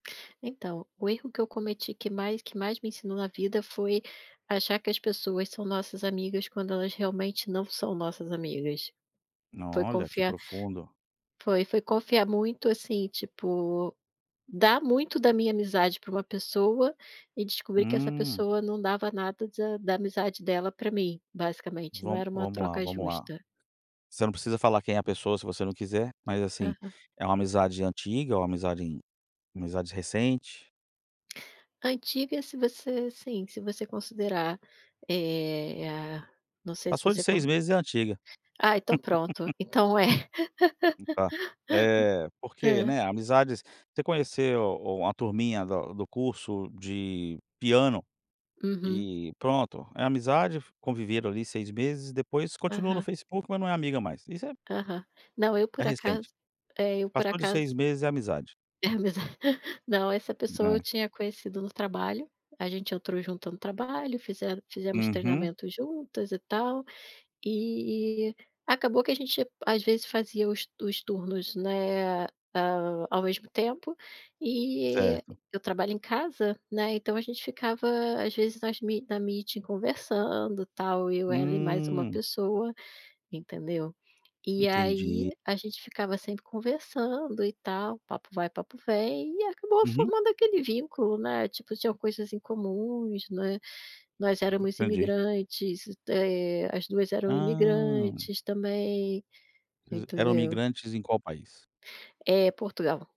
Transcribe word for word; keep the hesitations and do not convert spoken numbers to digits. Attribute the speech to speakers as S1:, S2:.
S1: Então, o erro que eu cometi que mais que mais me ensinou na vida foi achar que as pessoas são nossas amigas quando elas realmente não são nossas amigas. Foi
S2: Olha, que
S1: confiar
S2: profundo.
S1: foi, foi confiar muito, assim, tipo, dar muito da minha amizade pra uma pessoa e descobrir que essa
S2: Hum.
S1: pessoa não dava nada da da amizade dela pra mim, basicamente não
S2: Vamo
S1: era uma
S2: vamos lá,
S1: troca
S2: vamos lá.
S1: justa.
S2: Você não precisa falar quem é a pessoa se você não quiser, mas, assim,
S1: Aham.
S2: é uma amizade antiga ou amizade amizade recente?
S1: Antiga se você, assim, se você considerar, eh, a não sei se
S2: Passou de
S1: você con
S2: seis meses é antiga.
S1: Ah, então pronto, então é.
S2: E tá eh, porque,
S1: Hã?
S2: né, amizades você conheceu uma turminha da do curso de piano
S1: Uhum.
S2: e pronto, é amizade, conviveram ali seis meses, depois continua no
S1: Aham.
S2: Facebook, mas não é amiga mais. Isso é
S1: Aham. Não, eu,
S2: é
S1: por
S2: recente.
S1: acaso eh, eu, por
S2: Passou de seis
S1: acaso
S2: meses é amizade.
S1: É a amiza não, essa pessoa eu
S2: Né.
S1: tinha conhecido no trabalho, a gente entrou junto no trabalho, fizemos fizemos
S2: Uhum.
S1: treinamentos juntas e tal. E e acabou que a gente às vezes fazia os os turnos, né, a ao mesmo tempo e
S2: Certo.
S1: eu trabalho em casa, né, então a gente ficava às vezes nas me na meeting conversando tal, eu e ela e mais uma
S2: Hum.
S1: pessoa, entendeu? E aí
S2: Entendi.
S1: a gente ficava sempre conversando e tal, papo vai, papo vem e acabou
S2: Uhum.
S1: formando aquele vínculo, né, tipo, tinham coisas em comuns, né, nós éramos
S2: Entendi.
S1: imigrantes, eh, as duas eram
S2: Ah.
S1: imigrantes também,
S2: Vocês eram
S1: entendeu?
S2: migrantes em qual país?
S1: Eh, Portugal.